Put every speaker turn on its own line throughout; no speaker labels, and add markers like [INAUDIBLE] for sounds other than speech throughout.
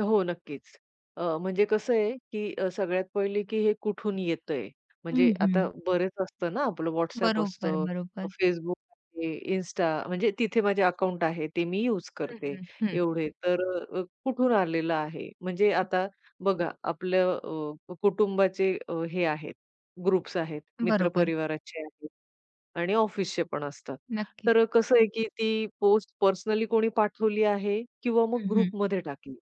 हो नक्कीच, अ, म्हणजे कसं आहे की अ, सगळ्यात पहिले की हे कुठून येतंय
हं,
म्हणजे आता
हं.
बरेच असतं ना आपलं WhatsApp
बरोबर,
असतं. अ,
बरोबर.
Facebook आहे, Insta म्हणजे तिथे माझे अकाउंट आहे ते मी यूज
हं,
करते,
हं, हं.
एवढे, तर अ, अ, कुठून आलेलं आहे? म्हणजे
हं.
आता बघा आपलं अ, कुटुंबाचे अ, हे आहेत ग्रुप्स आहेत, मित्र
बरोबर.
परिवाराचे आहेत आणि ऑफिसचे पण असतात.
नक्कीच.
तर अ, कसं आहे की ती पोस्ट पर्सनली कोणी पाठवली आहे किंवा मग
हं, हं.
ग्रुपमध्ये टाकली.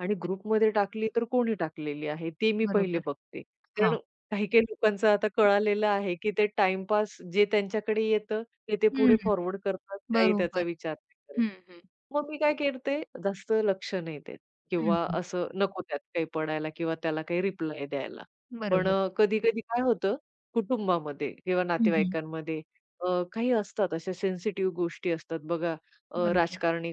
आणि
अच्छा.
ग्रुपमध्ये टाकली तर कोणी टाकलेली आहे? ते मी पहिले
बरोबर.
बघते. कारण
हां.
काही-काही लोकांचं आता
हं.
कळालेलं आहे, की ते टाईमपास जे त्यांच्याकडे येतं ते ते
हं.
पुढे फॉरवर्ड करतात काही त्याचा
बरोबर.
विचार नाही करत.
हं, हं.
मग मी काय करते जास्त लक्ष नाही देत
हं,
किंवा
हं.
असं नको त्यात काही पडायला किंवा त्याला काही रिप्लाय द्यायला. पण
बरोबर.
अ, कधी-कधी काय होतं कुटुंबामध्ये किंवा
हं, हं.
नातेवाईकांमध्ये अ, काही असतात अशा सेन्सिटिव्ह गोष्टी असतात बघा अ,
बरोबर.
राजकारणी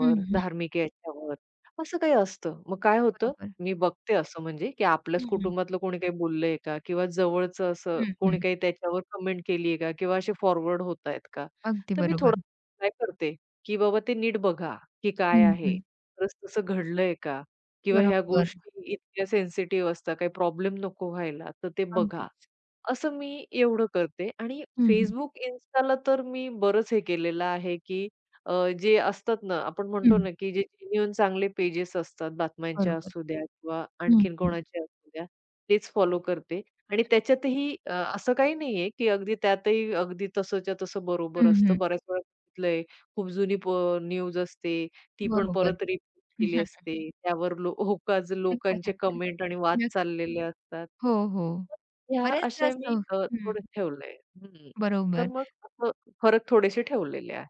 हं, हं.
धार्मिक याच्यावर असं काही असतं. मग काय होतं?
बरोबर.
मी बघते असं म्हणजे, की आपल्याच
हं, हं.
कुटुंबातलं कोणी काही बोललंय का किंवा जवळचं असं
हं,
कोणी
हं.
काही त्याच्यावर कमेंट केली आहे का किंवा असे फॉरवर्ड होतायेत का?
अगदी
तर मी थोडा
बरोबर.
[UNINTELLIGIBLE] काय करते, की बाबा ते नीट बघा की काय
हं,
आहे?
हं.
खरच तसं घडलंय का किंवा ह्या
बरोबर.
गोष्टी इतक्या सेन्सिटिव्ह असतात काही प्रॉब्लेम नको व्हायला, तर ते बघा.
अगदीच.
असं मी एवढं करते आणि
हं, हं.
Facebook, Instaला तर मी बरंच हे केलेलं आहे की अ, जे असतात ना आपण म्हणतो
हं.
ना, की जे जेन्युइन चांगले पेजेस असतात बातम्यांच्या
बरोबर.
असूद्या किंवा
हं,
आणखीन
हं
कोणाचे असू द्या, तेच फॉलो करते आणि
नक्कीच.
त्याच्यातही अ, असं काही नाहीये की अगदी त्यातही, अगदी तसंच्या तसं
हं,
बरोबर असतं.
हं.
बऱ्याच वेळा बघितलंय खूप जुनी पो न्यूज असते ती पण
बरोबर.
परत रिपीट केली
[CHUCKLES]
असते. त्यावर लो होकाज लोकांचे
[CHUCKLES]
कमेंट आणि वाद
नक
चाललेले असतात.
हो, हो.
तर ह्या
बरेचदा
असे
असं
मी
हो
अ,
हं.
थोडे ठेवलय हं, हं. तर
बरोबर.
मग अस फरक थोडेसे ठेवलेले आहेत.